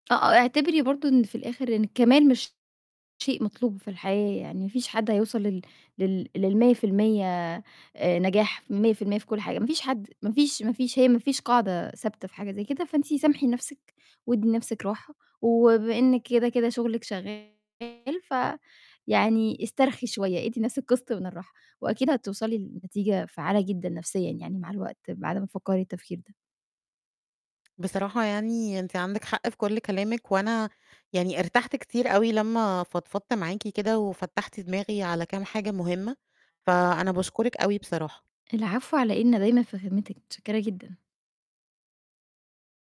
آه آه، اعتبري برضه إن في الآخر إن الكمال مش شيء مطلوب في الحياة، يعني ما فيش حد هيوصل لل لل لل100% آآ، نجاح، 100% في كُلّ حاجة، ما فيش حد، ما فيش، ما فيش، هي ما فيش قاعدة ثابتة في حاجة زي كده، فانتِ سامحي نفْسِك وادّي لنفْسِك راحة، وبما إنِّك كده، كده شغلِك شغال فيعني استرخي شوية، ادّي لنفْسِك قِسط من الراحة، وأكيد هتوصلي لنتيجة فعّالة جدًا نفسيًا يعني مع الوقت بعد ما تفكّري التفكير ده. بصراحة يعني أنتِ عندِك حق في كُلّ كلامِك، وأنا يعني ارتحت كتير أوي لمّا فضفضت معاكِ كده وفتّحتِ دماغي على كام حاجة مهمة، فأنا باشكرِك أوي بصراحة. العفو، على إيه؟ أنا دايمًا في خدمتِك، متشكرة جدًا.